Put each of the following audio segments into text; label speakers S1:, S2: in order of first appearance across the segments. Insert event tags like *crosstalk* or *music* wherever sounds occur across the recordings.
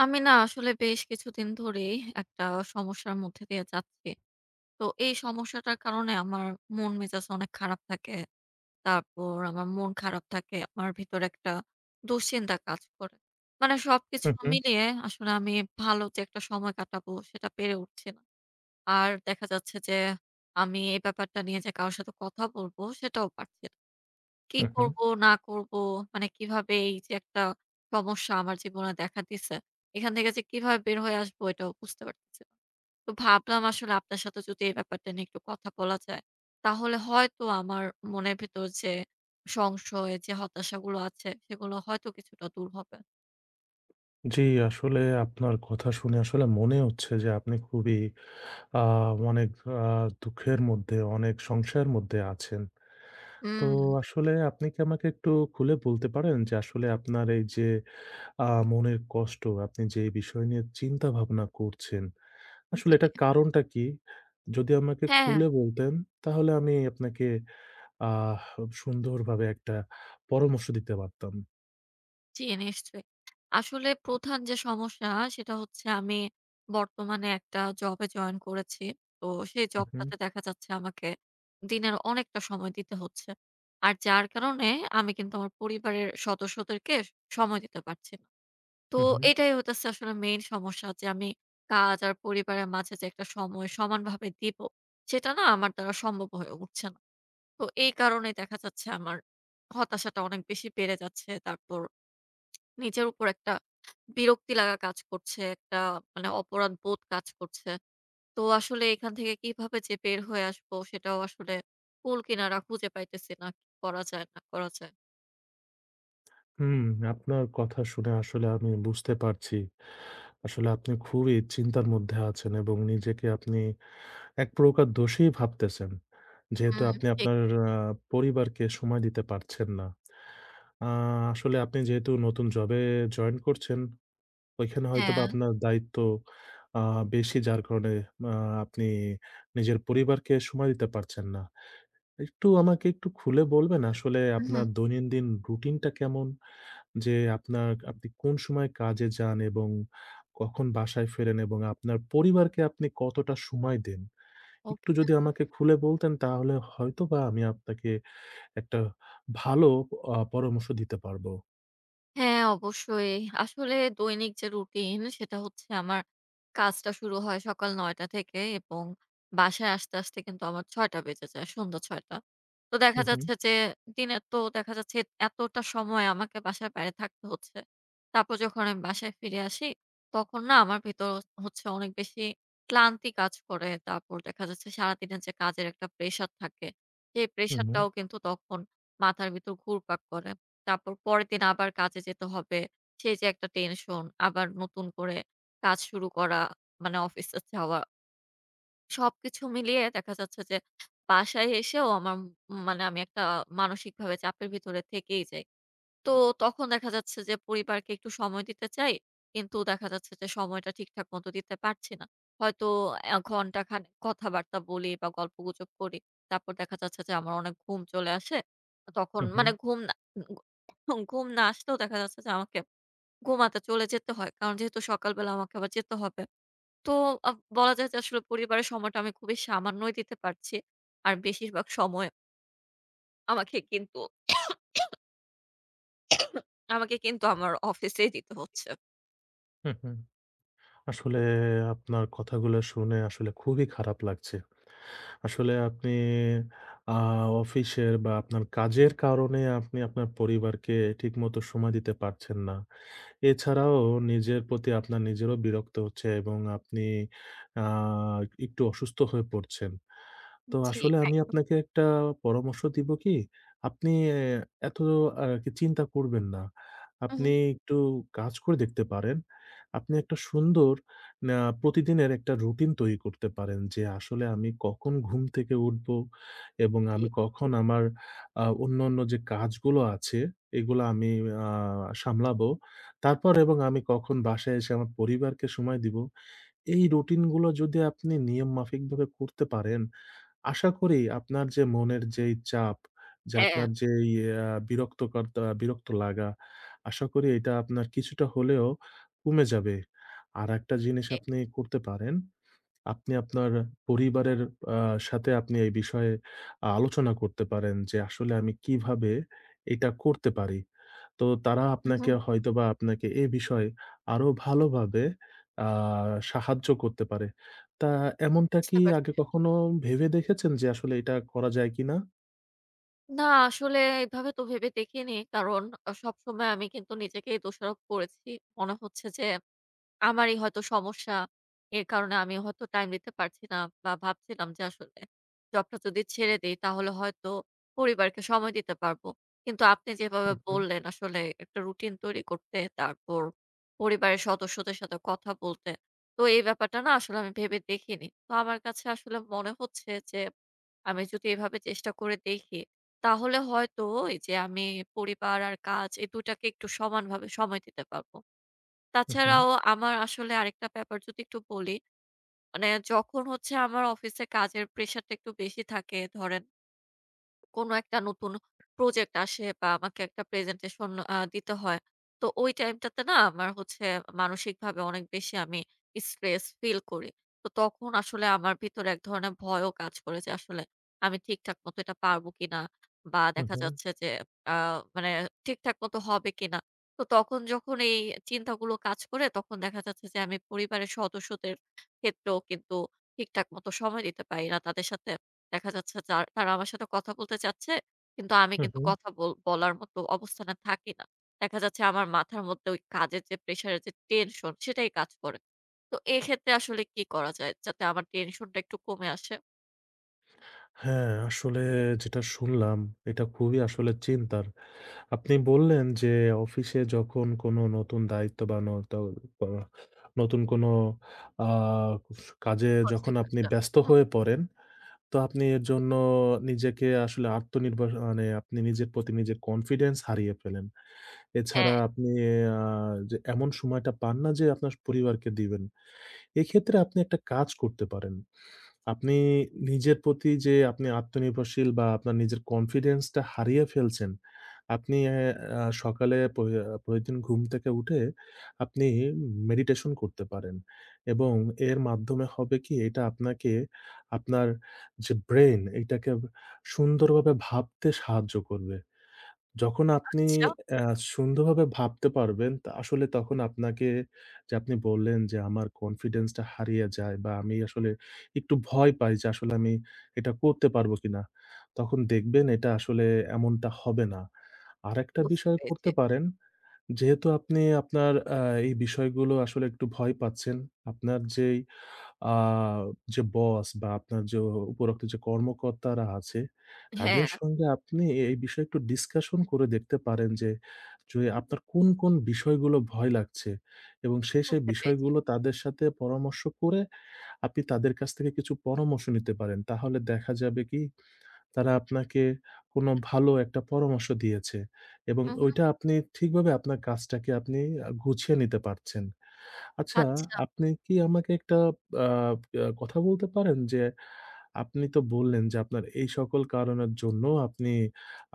S1: আমি না আসলে বেশ কিছুদিন ধরেই একটা সমস্যার মধ্যে দিয়ে যাচ্ছি। তো এই সমস্যাটার কারণে আমার মন মেজাজ অনেক খারাপ থাকে। তারপর আমার মন খারাপ থাকে। আমার ভিতরে একটা দুশ্চিন্তা কাজ করে। মানে সবকিছু
S2: হুম, হুম।
S1: মিলিয়ে আসলে আমি ভালো যে একটা সময় কাটাবো সেটা পেরে উঠছি না। আর দেখা যাচ্ছে যে, আমি এই ব্যাপারটা নিয়ে যে কারো সাথে কথা বলবো সেটাও পারছি না। কি
S2: হুম, হুম।
S1: করব না করব, মানে কিভাবে এই যে একটা সমস্যা আমার জীবনে দেখা দিছে, এখান থেকে যে কিভাবে বের হয়ে আসবো এটাও বুঝতে পারতেছি না। তো ভাবলাম আসলে আপনার সাথে যদি এই ব্যাপারটা নিয়ে একটু কথা বলা যায় তাহলে হয়তো আমার মনের ভেতর যে সংশয় যে হতাশাগুলো আছে সেগুলো হয়তো কিছুটা দূর হবে।
S2: জী, আসলে আপনার কথা শুনে আসলে মনেই হচ্ছে যে আপনি খুবই আ অনেক আ দুঃখের মধ্যে অনেক সংশয়ের মধ্যে আছেন। তো
S1: হুম।
S2: আসলে আপনি কি আমাকে একটু খুলে বলতে পারেন? যে আসলে আপনার এই যে আ মনের কষ্ট আপনি যে বিষয় নিয়ে চিন্তা ভাবনা করছেন, আসলে
S1: জি।
S2: এটার কারণটা কী? যদি আমাকে
S1: হ্যাঁ, হ্যাঁ।
S2: খুলে বলতেন, তাহলে আমি আপনাকে আহ সুন্দরভাবে একটা পরামর্শ দিতে পারতাম।
S1: জি, নিশ্চয়ই। আসলে প্রধান যে, সমস্যা, সেটা হচ্ছে আমি বর্তমানে একটা জবে জয়েন করেছি। তো সেই
S2: উম হম।
S1: জবটাতে দেখা যাচ্ছে, আমাকে দিনের অনেকটা সময় দিতে হচ্ছে। আর যার কারণে আমি কিন্তু আমার পরিবারের সদস্যদেরকে সময় দিতে পারছি না। তো
S2: হুম, হুম।
S1: এটাই হইতেছে আসলে main সমস্যা যে, আমি কাজ আর পরিবারের মাঝে যে একটা সময় সমানভাবে দিবো, সেটা না আমার দ্বারা সম্ভব হয়ে উঠছে না। তো এই কারণেই দেখা যাচ্ছে আমার হতাশাটা অনেক বেশি বেড়ে যাচ্ছে। তারপর নিজের উপর একটা বিরক্তি লাগা কাজ করছে। একটা মানে অপরাধবোধ কাজ করছে। তো আসলে এখান থেকে কিভাবে যে, বের হয়ে আসবো, সেটাও আসলে কুল-কিনারা খুঁজে পাইতেছি না কি করা যায়, না করা যায়।
S2: হুম, আপনার কথা শুনে আসলে আমি বুঝতে পারছি। আসলে আপনি খুবই চিন্তার মধ্যে আছেন এবং নিজেকে আপনি ১ প্রকার দোষী ভাবতেছেন। যেহেতু
S1: হুম,
S2: আপনি
S1: ঠিক।
S2: আপনার আ পরিবারকে সময় দিতে পারছেন না। অ্যা আসলে আপনি যেহেতু নতুন job এ join করছেন, ওইখানে হয়তোবা
S1: হ্যাঁ।
S2: আপনার দায়িত্ব অ্যা বেশি, যার কারণে আ আপনি নিজের পরিবারকে সময় দিতে পারছেন না। একটু আমাকে একটু খুলে বলবেন, আসলে
S1: উ, হুম।
S2: আপনার দৈনন্দিন রুটিনটা কেমন? যে, আপনার আপনি কোন সময় কাজে যান এবং কখন বাসায় ফেরেন, এবং আপনার পরিবারকে আপনি কতটা সময় দেন? একটু
S1: ওকে।
S2: যদি আমাকে খুলে বলতেন, তাহলে হয়তোবা আমি আপনাকে একটা ভালো অ্যা পরামর্শ দিতে পারব।
S1: হ্যাঁ, অবশ্যই। আসলে দৈনিক যে রুটিন, সেটা হচ্ছে আমার কাজটা শুরু হয় সকাল ৯ঃ০০ টা থেকে এবং বাসায় আসতে, আসতে কিন্তু আমার ৬ঃ০০ টা বেজে যায়। সন্ধ্যা ৬ঃ০০ টা। তো
S2: হু,
S1: দেখা
S2: হুম।
S1: যাচ্ছে, যে দিনের তো দেখা যাচ্ছে, এতটা সময় আমাকে বাসার বাইরে থাকতে হচ্ছে। তারপর যখন আমি বাসায় ফিরে আসি, তখন না আমার ভেতর হ হচ্ছে, অনেক বেশি ক্লান্তি কাজ করে। তারপর দেখা যাচ্ছে, সারাদিনের যে কাজের একটা প্রেশার থাকে, সেই প্রেশার
S2: হুম।
S1: টাও কিন্তু তখন মাথার ভেতর ঘুরপাক করে। তারপর পরের দিন আবার কাজে যেতে হবে। সেই যে একটা টেনশন, আবার নতুন করে কাজ শুরু করা মানে অফিসে যাওয়া সবকিছু মিলিয়ে দেখা যাচ্ছে, যে বাসায় এসেও আমার মানে আমি একটা মানসিকভাবে চাপের ভিতরে থেকেই যাই। তো তখন দেখা যাচ্ছে, যে পরিবারকে একটু সময় দিতে চাই। কিন্তু দেখা যাচ্ছে, যে সময়টা ঠিকঠাক মতো দিতে পারছি না। হয়তো এ ঘন্টাখানেক কথাবার্তা বলি, বা গল্প গুজব করি। তারপর দেখা যাচ্ছে, যে আমার অনেক ঘুম চলে আসে। তখন
S2: হু,
S1: মানে
S2: হুম।
S1: ঘুম না, উ গ ঘুম না আসলেও দেখা যাচ্ছে যে আমাকে ঘুমাতে চলে যেতে হয়। কারণ যেহেতু সকাল বেলা আমাকে আবার যেতে হবে। তো অ্যাঁ বলা যায় যে, আসলে পরিবারের সময়টা আমি খুবই সামান্যই দিতে পারছি। আর বেশিরভাগ সময় আমাকে কিন্তু *coughs* *coughs* আমাকে কিন্তু আমার অফিসেই দিতে হচ্ছে।
S2: হুম, হুম। আসলে আপনার কথাগুলো শুনে আসলে খুবই খারাপ লাগছে। আসলে আপনি অ্যাঁ অফিসের বা আপনার কাজের কারণে আপনি আপনার পরিবারকে ঠিকমতো সময় দিতে পারছেন না। এছাড়াও নিজের প্রতি আপনার নিজেরও বিরক্ত হচ্ছে এবং আপনি, অ্যা একটু অসুস্থ হয়ে পড়ছেন। তো
S1: জি,
S2: আসলে আমি
S1: একদম।
S2: আপনাকে একটা পরামর্শ দিব কি? আপনি এ এত আর কি চিন্তা করবেন না। আপনি
S1: হুম।
S2: একটু কাজ করে দেখতে পারেন। আপনি একটা সুন্দর ন্যা প্রতিদিনের একটা রুটিন তৈরি করতে পারেন। যে, আসলে আমি কখন ঘুম থেকে উঠবো, এবং
S1: জি।
S2: আমি কখন আমার অ্যা অন্যান্য যে, কাজগুলো আছে, এগুলো আমি অ্যাঁ সামলাবো। তারপর এবং আমি কখন বাসায় এসে আমার পরিবারকে সময় দিব। এই রুটিন গুলো যদি আপনি নিয়ম মাফিকভাবে করতে পারেন, আশা করি আপনার যে, মনের যেই চাপ যে,
S1: হ্যাঁ।
S2: আপনার যেই এই অ্যাঁ বিরক্তকর্তা, বিরক্ত লাগা আশা করি এটা আপনার কিছুটা হলেও কমে যাবে। আরেকটা জিনিস
S1: জি।
S2: আপনি করতে পারেন। আপনি আপনার পরিবারের অ্যা সাথে আপনি এই বিষয়ে আ আলোচনা করতে পারেন যে, আসলে আমি কিভাবে এটা করতে পারি। তো তারা
S1: হুম,
S2: আপনাকে
S1: হুম।
S2: হয়তোবা আপনাকে এ বিষয়ে আরো ভালোভাবে অ্যাঁ সাহায্য করতে পারে। তা এমনটা
S1: বুঝতে
S2: কি আগে
S1: পারছি।
S2: কখনো ভেবে দেখেছেন যে, আসলে এটা করা যায় কিনা?
S1: না আসলে এভাবে তো ভেবে দেখিনি। কারণ আ সবসময় আমি কিন্তু নিজেকেই দোষারোপ করেছি। মনে হচ্ছে যে, আমারই হয়তো সমস্যা। এর কারণে আমি হয়তো টাইম দিতে পারছি না বা ভাবছিলাম যে, আসলে জবটা যদি ছেড়ে দেই, তাহলে হয়তো পরিবারকে সময় দিতে পারব কিন্তু আপনি যেভাবে
S2: হুম, হুম।
S1: বললেন, আসলে একটা রুটিন তৈরি করতে, তারপর পরিবারের সদস্যদের সাথে কথা বলতে। তো এই ব্যাপারটা না আসলে আমি ভেবে দেখিনি। তো আমার কাছে আসলে মনে হচ্ছে, যে, আমি যদি এভাবে চেষ্টা করে দেখি তাহলে হয়তো এই যে, আমি পরিবার আর কাজ এই ২ টাকে একটু সমানভাবে সময় দিতে পারবো।
S2: হুম, হুম।
S1: তাছাড়াও আমার আসলে আরেকটা ব্যাপার যদি একটু বলি, মানে যখন হচ্ছে আমার অফিসে কাজের প্রেশারটা একটু বেশি থাকে ধরেন কোন একটা নতুন প্রজেক্ট আসে, বা আমাকে একটা প্রেজেন্টেশন আ দিতে হয়। তো ওই টাইমটাতে না আমার হচ্ছে মানসিকভাবে অনেক বেশি আমি স্ট্রেস ফিল করি। তো তখন আসলে আমার ভিতরে এক ধরনের ভয়ও কাজ করে যে, আসলে আমি ঠিকঠাক মতো এটা পারব কিনা! বা
S2: হুম,
S1: দেখা
S2: হুম।
S1: যাচ্ছে যে, আ মানে ঠিকঠাক মতো হবে কিনা! তো তখন যখন এই চিন্তাগুলো কাজ করে তখন দেখা যাচ্ছে যে, আমি পরিবারের সদস্যদের ক্ষেত্রেও কিন্তু ঠিকঠাক মতো সময় দিতে পারি না। তাদের সাথে দেখা যাচ্ছে যার তারা আমার সাথে কথা বলতে চাচ্ছে। কিন্তু আমি
S2: হুম,
S1: কিন্তু
S2: হুম।
S1: কথা বল বলার মতো অবস্থানে থাকি না। দেখা যাচ্ছে আমার মাথার মধ্যে ওই কাজের যে, প্রেশার এর যে, টেনশন সেটাই কাজ করে। তো এক্ষেত্রে আসলে কি করা যায়? যাতে আমার টেনশন টা একটু কমে আসে?
S2: হ্যাঁ, আসলে যেটা শুনলাম, এটা খুবই আসলে চিন্তার। আপনি বললেন, যে অফিসে যখন কোনো নতুন দায়িত্ববান নতো অ নতুন কোন আ ইজ কাজে
S1: বুঝতে
S2: যখন আপনি
S1: পারলাম।
S2: ব্যস্ত
S1: হুম।
S2: হয়ে পড়েন। তো আপনি এর জন্য নিজেকে আসলে আত্মনির্ভর, মানে আপনি নিজের প্রতি নিজের কনফিডেন্স হারিয়ে ফেলেন। এছাড়া
S1: হ্যাঁ।
S2: আপনি আ যে এমন সময়টা পান না, যে আপনার পরিবারকে দিবেন। এক্ষেত্রে আপনি একটা কাজ করতে পারেন। আপনি নিজের প্রতি যে আপনি আত্মনির্ভরশীল, বা আপনার নিজের কনফিডেন্স টা হারিয়ে ফেলছেন, আপনি এ আ সকালে পই আ প্রতিদিন ঘুম থেকে উঠে, আপনি মেডিটেশন করতে পারেন, এবং এর মাধ্যমে হবে কি? এটা আপনাকে আপনার যে ব্রেইন, এটাকে সুন্দরভাবে ভাবতে সাহায্য করবে। যখন আপনি
S1: আচ্ছা।
S2: এ সুন্দরভাবে ভাবতে পারবেন, তো আসলে তখন আপনাকে যে আপনি বললেন যে, "আমার কনফিডেন্স টা হারিয়ে যায়।" বা, "আমি আসলে একটু ভয় পাই, যে আসলে আমি এটা করতে পারব কিনা।" তখন দেখবেন এটা আসলে এমনটা হবে না। আরেকটা
S1: বুঝতে
S2: বিষয়
S1: পেরেছি।
S2: করতে পারেন, যেহেতু আপনি আপনার আ এই বিষয়গুলো আসলে একটু ভয় পাচ্ছেন। আপনার যেই আ যে বস, বা আপনার যে উপরোক্ত যে কর্মকর্তারা আছে,
S1: হ্যাঁ।
S2: তাদের সঙ্গে আপনি এ এই বিষয়ে একটু ডিসকাশন করে দেখতে পারেন। যে, জ ই আপনার কোন, কোন বিষয়গুলো ভয় লাগছে, এবং সেই, সেই
S1: বুঝতে পেরেছি।
S2: বিষয়গুলো তাদের সাথে পরামর্শ করে, আপনি তাদের কাছ থেকে কিছু পরামর্শ নিতে পারেন। তাহলে দেখা যাবে কি? তারা আপনাকে কোন ভালো একটা পরামর্শ দিয়েছে, এবং
S1: হু, হু।
S2: ওইটা আপনি ঠিকভাবে আপনার কাজটাকে আপনি আ গুছিয়ে নিতে পারছেন। আচ্ছা,
S1: আচ্ছা।
S2: আপনি কি আমাকে একটা বা বাঁ কথা বলতে পারেন? যে, আপনি তো বললেন, যে আপনার এই সকল কারণের জন্য আপনি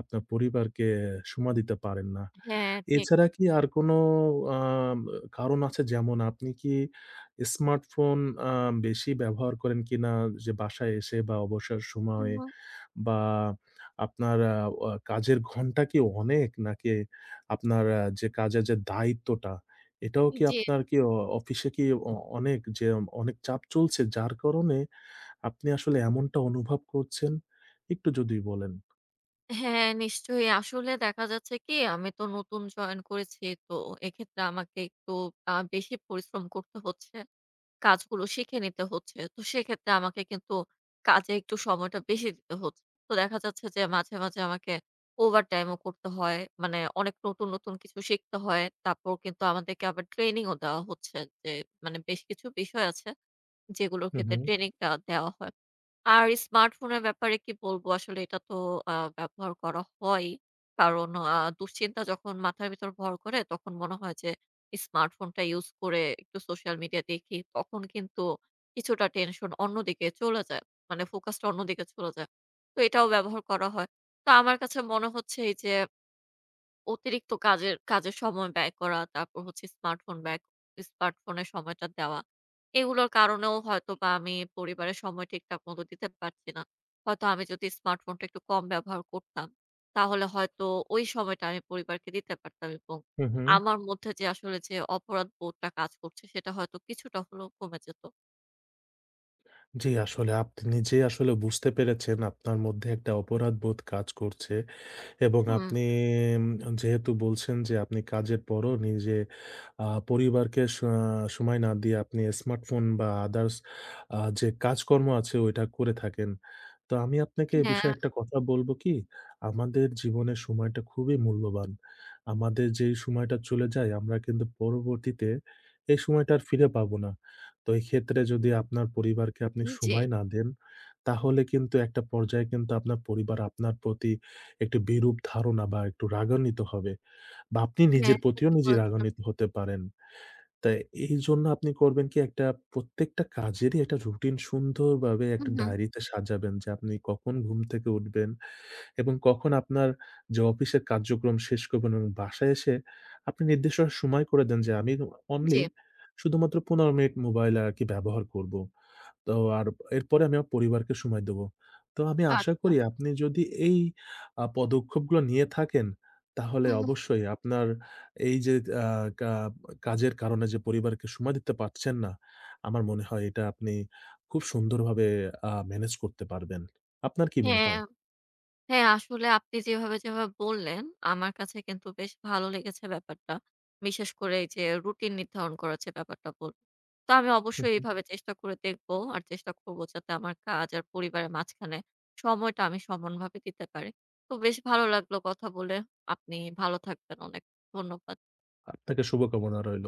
S2: আপনার পরিবারকে সময় দিতে পারেন না।
S1: হ্যাঁ। ঠিক।
S2: এছাড়া কি আর কোন আ ব কারণ আছে? যেমন আপনি কি স্মার্টফোন আ বেশি ব্যবহার করেন কিনা? যে বাসায় এসে, বা অবসর
S1: উম
S2: সময়?
S1: হুম।
S2: বা আপনার আ অ কাজের ঘন্টা কি অনেক? নাকি আপনার আ যে কাজের যে দায়িত্বটা, এটাও
S1: উ
S2: কি
S1: জ্বি।
S2: আপনার কি অ অফিসে কি অ অনেক যে অনেক চাপ চলছে, যার কারণে আপনি আসলে এমনটা অনুভব করছেন? একটু যদি বলেন?
S1: হ্যাঁ, নিশ্চয়ই। আসলে দেখা যাচ্ছে কি আমি তো নতুন জয়েন করেছি। তো এক্ষেত্রে আমাকে একটু আ বেশি পরিশ্রম করতে হচ্ছে। কাজগুলো শিখে নিতে হচ্ছে। তো সেক্ষেত্রে আমাকে কিন্তু কাজে একটু সময়টা বেশি দিতে হচ্ছে। তো দেখা যাচ্ছে যে মাঝে, মাঝে আমাকে ওভারটাইম ও করতে হয়। মানে অনেক নতুন, নতুন কিছু শিখতে হয়। তারপর কিন্তু আমাদেরকে আবার ট্রেনিংও দেওয়া হচ্ছে যে মানে বেশ কিছু বিষয় আছে, যেগুলোর
S2: হুম,
S1: ক্ষেত্রে
S2: হুম।
S1: ট্রেনিংটা দেওয়া হয়। আর স্মার্টফোনের ব্যাপারে কি বলবো আসলে এটা তো আ ব্যবহার করা হয়ই। কারণ আ দুশ্চিন্তা যখন মাথার ভেতর ভর করে তখন মনে হয় যে স্মার্টফোনটা ইউজ করে একটু সোশ্যাল মিডিয়া দেখি। তখন কিন্তু কিছুটা টেনশন অন্যদিকে চলে যায়। মানে ফোকাসটা অন্যদিকে চলে যায়। তো এটাও ব্যবহার করা হয়। তো আমার কাছে মনে হচ্ছে এই যে অতিরিক্ত কাজের কাজের সময় ব্যয় করা। তারপর হচ্ছে স্মার্টফোন ব্যয়, স্মার্টফোনের সময়টা দেওয়া। এইগুলোর কারণেও হয়তোবা আমি পরিবারের সময় ঠিকঠাক মতো দিতে পারছি না। হয়তো আমি যদি স্মার্টফোনটা একটু কম ব্যবহার করতাম। তাহলে হয়তো ওই সময়টা আমি পরিবারকে দিতে পারতাম এবং
S2: হুম, হুম।
S1: আমার মধ্যে, যে আসলে যে অপরাধ বোধটা কাজ করছে সেটা হয়তো কিছুটা হলেও কমে যেত।
S2: জ্বি, আসলে আপনি নিজেই আসলে বুঝতে পেরেছেন আপনার মধ্যে একটা অপরাধবোধ কাজ করছে। এবং
S1: হুম।
S2: আপনি ম অ যেহেতু বলছেন, যে, আপনি কাজের পরও নিজে আ পরিবারকে স সময় না দিয়ে আপনি স্মার্টফোন বা আদারস আ যে, কাজকর্ম আছে ওইটা করে থাকেন। তো আমি আপনাকে এ
S1: হ্যাঁ।
S2: বিষয়ে একটা কথা বলব কি? আমাদের জীবনের সময়টা খুবই মূল্যবান। আমাদের যেই সময়টা চলে যায় আমরা কিন্তু পরবর্তীতে এই সময়টা আর ফিরে পাবো না। তো এই ক্ষেত্রে যদি আপনার পরিবারকে আপনি
S1: জ্বি।
S2: সময় না দেন, তাহলে কিন্তু একটা পর্যায়ে কিন্তু আপনার পরিবার আপনার প্রতি একটি বিরূপ ধারণা বা একটু রাগান্বিত হবে। বা আপনি
S1: হ্যাঁ,
S2: নিজের প্রতিও
S1: ঠিকই
S2: নিজেই
S1: বলেছেন।
S2: রাগান্বিত হতে পারেন। তাই এ এইজন্য আপনি করবেন কি একটা প্রত্যেকটা কাজেরই একটা রুটিন সুন্দর ভাবে একটা
S1: উহু।
S2: ডায়রিতে সাজাবেন যে, আপনি কখন ঘুম থেকে উঠবেন। এবং কখন আপনার যে, অফিসের কার্যক্রম শেষ করবেন এবং বাসায় এসে আপনি নির্দিষ্ট সময় করে দেন যে, আমি উ অনলি
S1: জ্বি।
S2: শুধুমাত্র ১৫ মিনিট মোবাইল আরকি ব্যবহার করব। তো আর এরপরে আমি ইয়া পরিবারকে সময় দেবো। তো আমি আশা
S1: আচ্ছা।
S2: করি আপনি যদি এই আ পদক্ষেপগুলো নিয়ে থাকেন তাহলে
S1: হুম, হুম।
S2: অবশ্যই আপনার এই যে, আ কা কাজের কারণে যে, পরিবারকে সময় দিতে পারছেন না, আমার মনে হয় এটা আপনি খুব সুন্দরভাবে আ মেনেজ করতে পারবেন। আপনার কি মনে
S1: হ্যাঁ,
S2: হয়?
S1: হ্যাঁ, আসলে আপনি যেভাবে, যেভাবে বললেন, আমার কাছে কিন্তু বেশ ভালো লেগেছে ব্যাপারটা। বিশেষ করে এই যে, রুটিন নির্ধারণ করার যে, ব্যাপারটা বল তো আমি
S2: হুম,
S1: অবশ্যই
S2: হুম।
S1: এভাবে চেষ্টা করে দেখবো আর চেষ্টা করব যাতে আমার কাজ আর পরিবারের মাঝখানে সময়টা আমি সমানভাবে দিতে পারি। তো বেশ ভালো লাগলো কথা বলে। আপনি ভালো থাকবেন। অনেক ধন্যবাদ।
S2: আপনাকে শুভকামনা রইল।